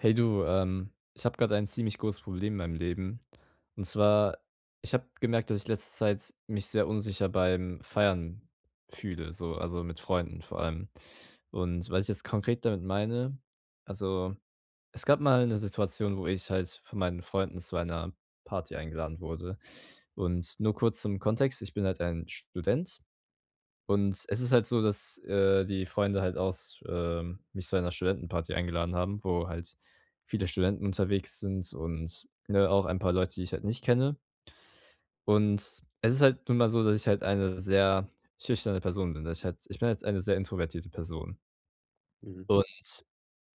Hey du, ähm, ich habe grade ein ziemlich großes Problem in meinem Leben. Und zwar, ich habe gemerkt, dass ich letzte Zeit mich sehr unsicher beim Feiern fühle, so, also, mit Freunden vor allem. Und was ich jetzt konkret damit meine: Also, es gab mal 'ne Situation, wo ich halt von meinen Freunden zu einer Party eingeladen wurde. Und nur kurz zum Kontext, ich bin halt ein Student und es ist halt so, dass, äh, die Freunde halt aus äh, mich zu einer Studentenparty eingeladen haben, wo halt viele Studenten unterwegs sind und ne, auch ein paar Leute, die ich halt nicht kenne. Und es ist halt nun mal so, dass ich halt eine sehr schüchterne Person bin. Das ich halt ich bin jetzt eine sehr introvertierte Person. Mhm. Und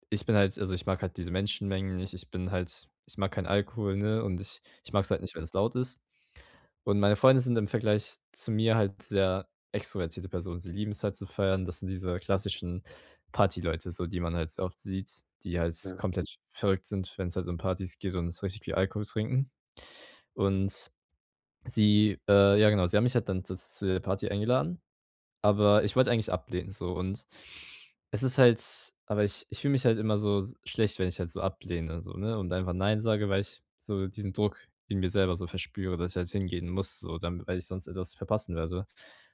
ich bin halt also, ich mag halt diese Menschenmengen nicht. Ich bin halt ich mag keinen Alkohol, ne, und ich ich Mhm. mag's halt nicht, wenn es laut ist. Und meine Freunde sind im Vergleich zu mir halt sehr extrovertierte Personen. Sie lieben's halt zu feiern. Das sind diese klassischen Party Leute so, die man halt so oft sieht, die halt Ja. komplett verrückt sind, wenn's halt um Partys geht und so richtig viel Alkohol trinken. Und sie äh, ja genau, sie haben mich halt dann da z zu der Party eingeladen, aber ich wollte eigentlich ablehnen so. Und es ist halt aber ich ich fühle mich halt immer so s schlecht, wenn ich halt so ablehne so, ne, und einfach nein sage, weil ich so diesen Druck in mir selber so verspüre, dass ich halt hingehen muss so, dann weil ich sonst etwas verpassen werde.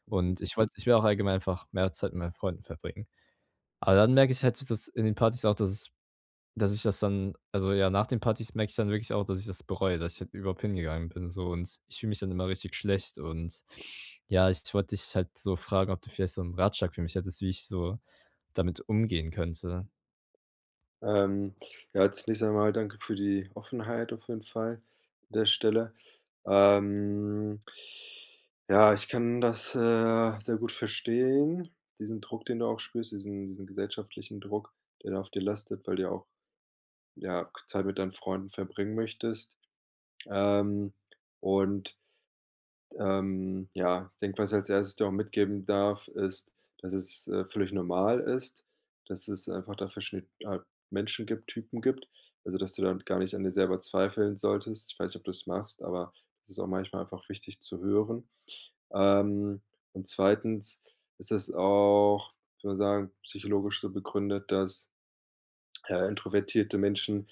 Mhm. Und ich wollte ich will auch allgemein einfach mehr Zeit mit meinen Freunden verbringen. Aber dann merke ich halt, dass in den Partys auch, dass es dass ich das dann also, ja, nach den Partys merke ich dann wirklich auch, dass ich das bereue, dass ich halt überhaupt hingegangen bin so. Und ich fühle mich dann immer richtig schlecht. Und ja, ich wollte dich halt so fragen, ob du vielleicht so 'n Ratschlag für mich hättest, wie ich so damit umgehen könnte? Ähm, ja als nächstes einmal, danke für die Offenheit auf jeden Fall an der Stelle. Ähm. Ja, ich kann das, äh, sehr gut verstehen, diesen Druck, den du auch spürst, diesen diesen gesellschaftlichen Druck, der da auf dir lastet, weil du ja auch, ja, k Zeit mit deinen Freunden verbringen möchtest. Ähm, und, d ähm, ja, denke, was als Erstes dir auch mitgeben darf, ist, dass es, äh, völlig normal ist, dass es einfach da verschie halt, Menschen gibt, Typen gibt. Also, dass du damit gar nicht an dir selber zweifeln solltest. Ich weiß nicht, ob du's machst, aber es ist auch manchmal einfach wichtig zu hören. Ähm, und zweitens ist das auch, ich würde sagen, psychologisch so begründet, dass, äh, introvertierte Menschen,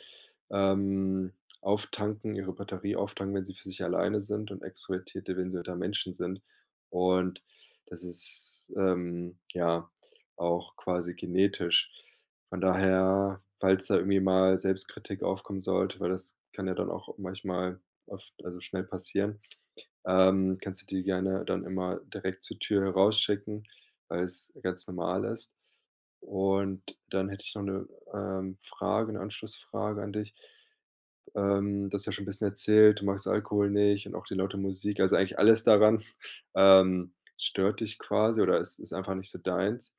ähm, auftanken ihre Batterie auftanken, wenn sie für sich alleine sind und extrovertierte, wenn sie unter Menschen sind. Und das ist, ähm, ja auch quasi genetisch. Von daher, falls da irgendwie mal Selbstkritik aufkommen sollte, weil das kann ja dann auch manchmal oft also, schnell passieren, ähm, kannst du die gerne dann immer direkt zur Tür rausschicken, weil's ganz normal ist. Und dann hätte ich noch 'ne, ähm, Frage, 'ne Anschlussfrage an dich, ähm, du hast ja schon 'n bisschen erzählt, du magst Alkohol nicht und auch die laute Musik. Also, eigentlich alles daran, ähm, stört dich quasi oder ist ist einfach nicht so deins.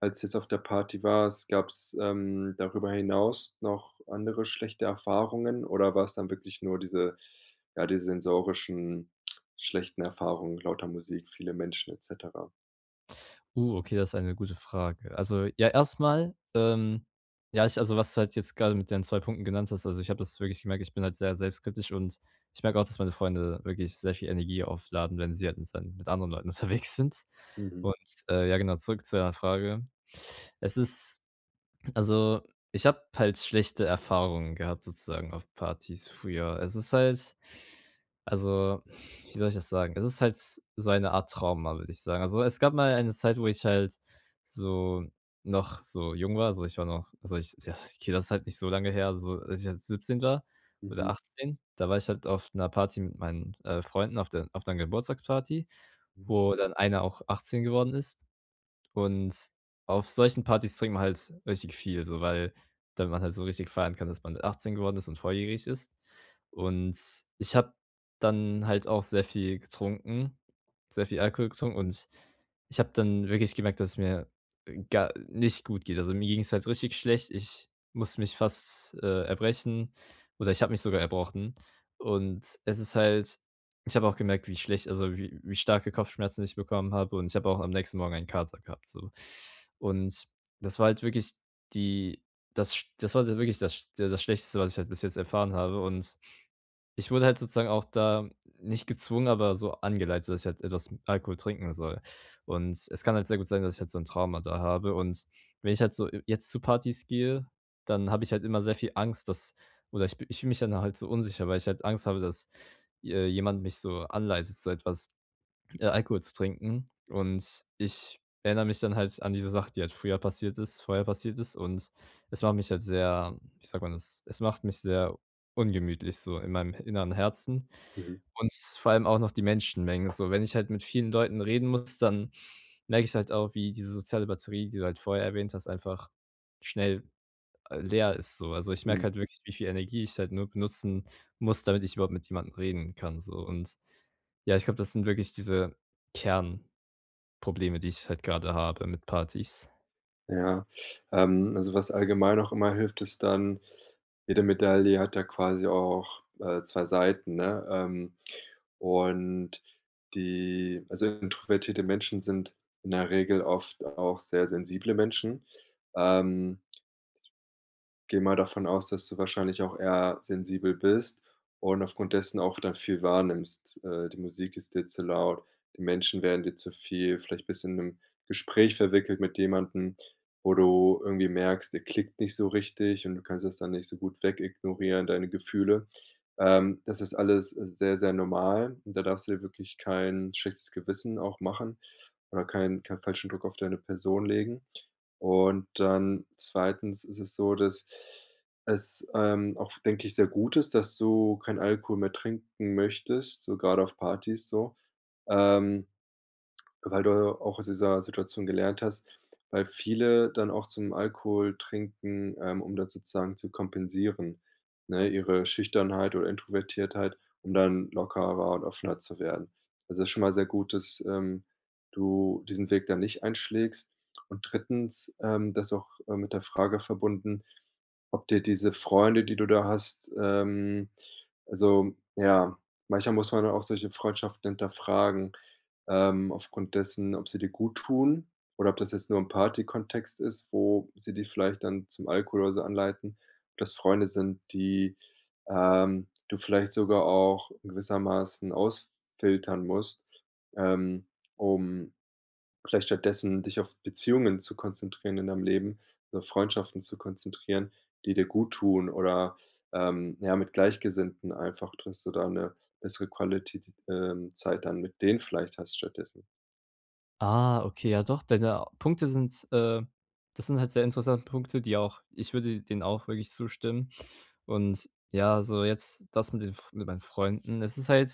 Als du jetzt auf der Party warst, gab's, ähm, darüber hinaus noch andere schlechte Erfahrungen? Oder war's dann wirklich nur diese ja, die sensorischen schlechten Erfahrungen lauter Musik, viele Menschen et cetera? Oh, okay, das ist eine gute Frage. Also, ja, erst mal, ähm, ja, ich also, was du halt jetzt grade mit deinen 2 Punkten genannt hast, also, ich habe das wirklich gemerkt, ich bin halt sehr selbstkritisch und ich merke auch, dass meine Freunde wirklich sehr viel Energie aufladen, wenn sie halt mit sei mit anderen Leuten unterwegs sind. Mhm. Und, ähm, ja, genau, zurück zu deiner Frage. Es ist also, ich habe halt schlechte Erfahrungen gehabt sozusagen auf Partys früher. Also, es ist halt also, wie soll ich das sagen? Es ist halt so eine Art Trauma, würde ich sagen. Also, es gab mal eine Zeit, wo ich halt so noch so jung war, also, ich war noch also, ich ja, okay das halt nicht so lange her, so als ich halt 17 war oder Mhm. 18, da war ich halt auf 'ner Party mit meinen, äh, Freunden auf der auf 'ner Geburtstagsparty, Mhm. wo dann einer auch 18 geworden ist. Und auf solchen Partys trinkt man halt richtig viel so, weil dann man halt so richtig feiern kann, dass man 18 geworden ist und volljährig ist. Und ich habe dann halt auch sehr viel getrunken sehr viel Alkohol getrunken. Und ich habe dann wirklich gemerkt, dass es mir, äh, gar nicht gut geht. Also, mir ging's halt richtig schlecht. Ich musste mich fast, äh, erbrechen oder ich habe mich sogar erbrochen. Und es ist halt ich habe auch gemerkt, wie schlecht also, wie wie starke Kopfschmerzen ich bekommen habe und ich habe auch am nächsten Morgen einen Kater gehabt, so. Und das war halt wirklich die das sch das war halt wirklich das der das Schlechteste, was ich halt bis jetzt erfahren habe. Und ich wurde halt sozusagen auch da nicht gezwungen, aber so angeleitet, dass ich halt etwas Alkohol trinken soll. Und es kann halt sehr gut sein, dass ich halt so 'n Trauma da habe. Und wenn ich halt so jetzt zu Partys gehe, dann habe ich halt immer sehr viel Angst, dass oder ich ich fühle mich ja dann halt so unsicher, weil ich halt Angst habe, dass, äh, je jemand mich so anleitet, so etwas äh, Alkohol zu trinken. Und ich erinnere mich dann halt an diese Sache, die halt früher passiert ist vorher passiert ist. Und es macht mich halt sehr, wie sagt man das es macht mich sehr ungemütlich, so in meinem inneren Herzen, Mhm. und vor allem auch noch die Menschenmengen. So, wenn ich halt mit vielen Leuten reden muss, dann merke ich halt auch, wie diese soziale Batterie, die du halt vorher erwähnt hast, einfach schnell, äh, leer ist so. Also, ich merke Mhm. halt wirklich, wie viel Energie ich halt nur benutzen muss, damit ich überhaupt mit jemandem reden kann so. Und, ja, ich glaube, das sind wirklich diese Kernprobleme, die ich halt grade habe mit Partys. Ja. Ähm, also, was allgemein auch immer hilft, ist dann jede Medaille hat ja quasi auch, äh, 2 Seiten, ne? Ähm, und die also, introvertierte Menschen sind in der Regel oft auch sehr sensible Menschen. Ähm. Gehe mal davon aus, dass du wahrscheinlich auch eher sensibel bist und aufgrund dessen auch dann viel wahrnimmst. Äh, die Musik ist dir zu laut. Die Menschen werden dir zu viel, vielleicht bist in 'nem Gespräch verwickelt mit jemandem, wo du irgendwie merkst, der klickt nicht so richtig und du kannst das dann nicht so gut weg ignorieren, deine Gefühle. Ähm, das ist alles sehr, sehr normal. Da darfst du dir wirklich kein schlechtes Gewissen auch machen oder keinen keinen falschen Druck auf deine Person legen. Und dann zweitens ist es so, dass es, ähm, auch, denke ich, sehr gut ist, dass du keinen Alkohol mehr trinken möchtest, so gerade auf Partys, so, ähm, weil du auch aus dieser Situation gelernt hast. Weil viele dann auch zum Alkohol trinken, ähm, um da sozusagen zu kompensieren, ne, ihre Schüchternheit oder Introvertiertheit, um dann lockerer und offener zu werden. Also, das ist schon mal sehr gut, dass, ähm, du diesen Weg dann nicht einschlägst. Und drittens ähm, das ist auch, äh, mit der Frage verbunden, ob dir diese Freunde, die du da hast ähm, also ja, manchmal muss man da auch solche Freundschaften hinterfragen, ähm, aufgrund dessen, ob sie dir guttun oder ob das jetzt nur im Partykontext ist, wo sie dich vielleicht dann zum Alkohol oder so anleiten ob das Freunde sind, die, ähm, du vielleicht sogar auch gewissermaßen ausfiltern musst, ähm, um vielleicht stattdessen dich auf Beziehungen zu konzentrieren in deinem Leben, so Freundschaften zu konzentrieren, die dir guttun oder, ähm, ja, mit Gleichgesinnten, einfach dass du da 'ne bessere Quality t ähm, Zeit dann mit denen vielleicht hast stattdessen. Ah, okay, ja doch, deine Punkte sind, äh das sind halt sehr interessante Punkte, die auch ich würde denen auch wirklich zustimmen. Und ja, so jetzt das mit den F mit meinen Freunden. Es ist halt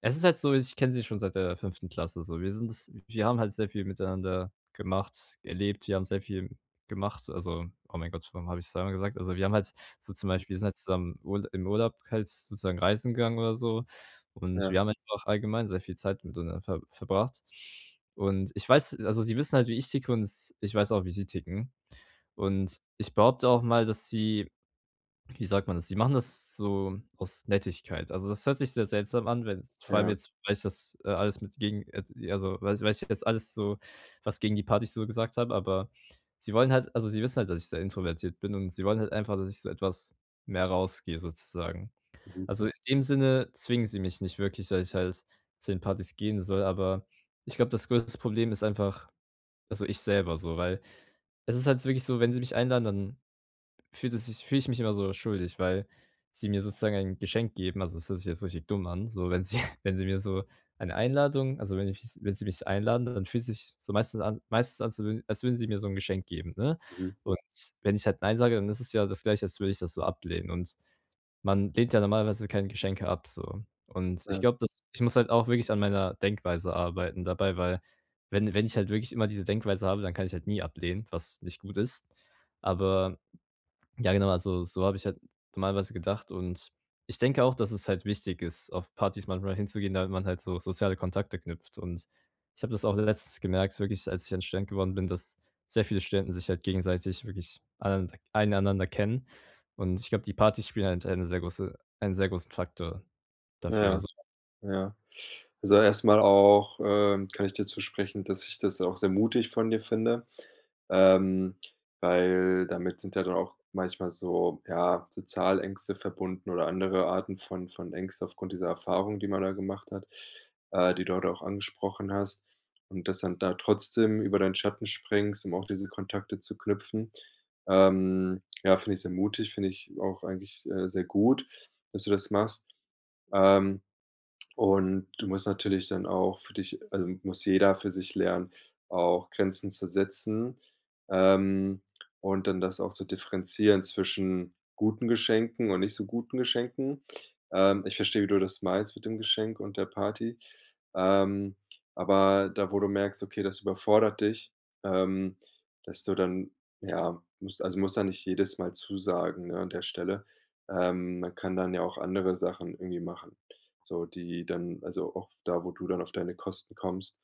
es ist halt so, ich kenne sie schon seit der 5. Klasse, so. Wir sind es wir haben halt sehr viel miteinander gemacht, erlebt, wir haben sehr viel gemacht. Also, oh mein Gott, warum hab ich es zweimal gesagt? Also, wir haben halt so zum Mhm. Beispiel sind halt zusammen Url im Urlaub halt sozusagen reisen gegangen, oder so und wir Ja. haben halt einfach allgemein sehr viel Zeit miteinander ver verbracht. Und ich weiß also, sie wissen halt, wie ich ticke und s ich weiß auch, wie sie ticken. Und ich behaupte auch mal, dass sie wie sagt man das? Sie machen das so aus Nettigkeit. Also, das hört sich sehr seltsam an, wenn es vor allem Ja. jetzt weißt das, äh, alles mit gegen, jetzt also, weiß ich ich jetzt alles so, was gegen die Partys so gesagt habe, aber sie wollen halt also, sie wissen halt, dass ich sehr introvertiert bin, und sie wollen halt einfach, dass ich so etwas mehr rausgehe, sozusagen. Mhm. Also, in dem Sinne zwingen sie mich nicht wirklich, dass ich halt zu den Partys gehen soll, aber ich glaube, das größtes Problem ist einfach also, ich selber so, weil es ist halt wirklich so, wenn sie mich einladen, dann fühlt es sich fühle ich mich immer so schuldig, weil sie mir sozusagen ein Geschenk geben. Also, das hört sich jetzt richtig dumm an, so wenn sie wenn sie mir so eine Einladung also, wenn ich mich wenn sie mich einladen, dann fühlt sich so meistens an meistens an zu als würden sie mir so 'n Geschenk geben, ne? Mhm. Und wenn ich halt „Nein“ sage, dann ist es ja das Gleiche, als würde ich das so ablehnen. Und man lehnt ja normalerweise keine Geschenke ab, so. Und ich Ja. glaube, dass ich muss halt auch wirklich an meiner Denkweise arbeiten dabei, weil wenn wenn ich halt wirklich immer diese Denkweise habe, dann kann ich halt nie ablehnen, was nicht gut ist. Aber, ja genau, also, so habe ich halt normalerweise gedacht. Und ich denke auch, dass es halt wichtig ist, auf Partys manchmal hinzugehen, damit man halt so soziale Kontakte knüpft. Und ich habe das auch letztens gemerkt, wirklich, als ich dann Student geworden bin, dass sehr viele Studenten sich halt gegenseitig wirklich alle nander ein einander kennen. Und ich glaube, die Partys spielen halt eine sehr große einen sehr großen Faktor dafür, Ja. so. Ja. Also, erst mal auch, ähm, kann ich dir zusprechen, dass ich das auch sehr mutig von dir finde. Ähm, weil damit sind ja dann auch manchmal so ja, so Zahlängste verbunden oder andere Arten von von Ängsten aufgrund dieser Erfahrung, die man da gemacht hat, äh, die du heute auch angesprochen hast. Und dass dann da trotzdem über deinen Schatten springst, um auch diese Kontakte zu knüpfen, ähm, ja, finde ich sehr mutig, finde ich auch eigentlich, äh, sehr gut, dass du das machst. Ähm, und du musst natürlich dann auch für dich also, muss jeder für sich lernen, auch Grenzen zu setzen, ähm, und dann das auch zu differenzieren zwischen guten Geschenken und nicht so guten Geschenken. Ähm, ich verstehe, wie du das meinst mit dem Geschenk und der Party. Ähm, aber da, wo du merkst, okay, das überfordert dich ähm, dass du dann ja, musst also, musst ja nicht jedes Mal zusagen, ne, an der Stelle. Ähm, man kann dann ja auch andere Sachen irgendwie machen so, die dann also, auch da, wo du dann auf deine Kosten kommst.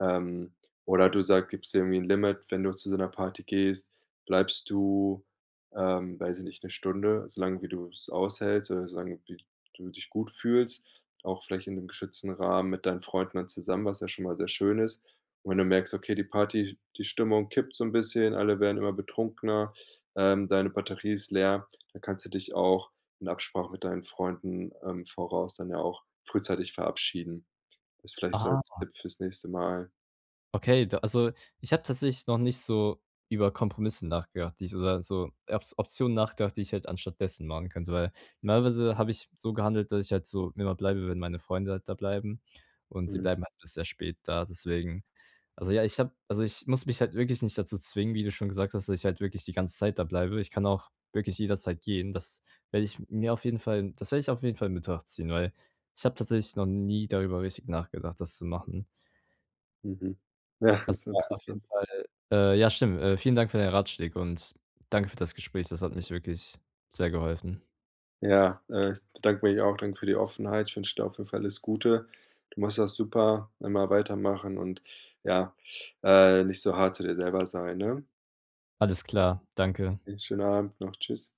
Ähm, oder du sag gibst dir irgendwie 'n Limit: Wenn du zu so 'ner Party gehst, bleibst du, ähm, weiß ich nicht, 'ne Stunde, so lange wie du es aushältst oder so lange wie d du dich gut fühlst, auch vielleicht in 'nem geschützten Rahmen mit deinen Freunden dann zusammen, was ja schon mal sehr schön ist. Wenn du merkst, okay, die Party, die Stimmung kippt so 'n bisschen, alle werden immer betrunkener, ähm, deine Batterie ist leer, dann kannst du dich auch in Absprache mit deinen Freunden im Voraus dann ja auch frühzeitig verabschieden. Das vielleicht so als Ah. Tipp fürs nächste Mal. Okay, da also, ich habe tatsächlich noch nicht so über Kompromisse nachgedacht, die ich oder so Op Optionen nachgedacht, die ich halt anstattdessen machen könnte. Weil normalerweise habe ich so gehandelt, dass ich halt so immer bleibe, wenn meine Freunde halt da bleiben. Und sie Mhm. bleiben halt bis sehr spät da, deswegen. Also, ja, ich habe also, ich muss mich halt wirklich nicht dazu zwingen, wie du schon gesagt hast, dass ich halt wirklich die ganze Zeit da bleibe. Ich kann auch wirklich jederzeit gehen. Das werde ich mir auf jeden Fall das werde ich auf jeden Fall in Betracht ziehen, weil ich habe tatsächlich noch nie darüber richtig nachgedacht, das zu machen. Mhm. Ja, Das ist braucht auf jeden interessant. Fall Äh, ja, stimmt. Vielen Dank für deine Ratschläge und danke für das Gespräch. Das hat mich wirklich sehr geholfen. Ja, äh, ich bedanke mich auch. Danke für die Offenheit. Ich wünsche dir auf jeden Fall alles Gute. Du machst das super. Immer weitermachen und ja, äh, nicht so hart zu dir selber sein, ne? Alles klar. Danke. Einen schönen Abend noch. Tschüss.